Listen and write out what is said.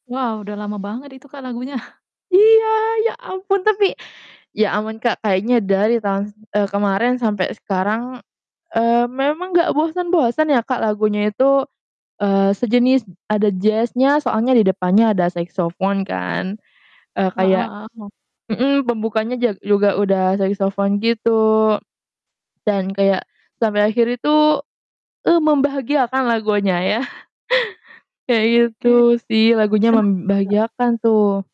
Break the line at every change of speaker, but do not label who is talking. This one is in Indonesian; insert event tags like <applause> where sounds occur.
Wah, udah lama banget itu Kak lagunya.
Iya, ya ampun tapi, ya aman Kak, kayaknya dari tahun, eee, kemarin sampe sekarang, eee, memang nggak bosen-bosen ya Kak lagunya itu, eee, sejenis ada jazz-nya soalnya di depannya ada saxophone kan, eee,
Heeh
kayak
heeh, oh.
hmm, pembukanya ja juga udah saxophone gitu. Dan kayak, sampai akhir itu, eee, membahagiakan lagunya ya. <chuckles> Kayak
Oke,
gitu sih, lagunya
kenapa tuh Kak?
membahagiakan tuh.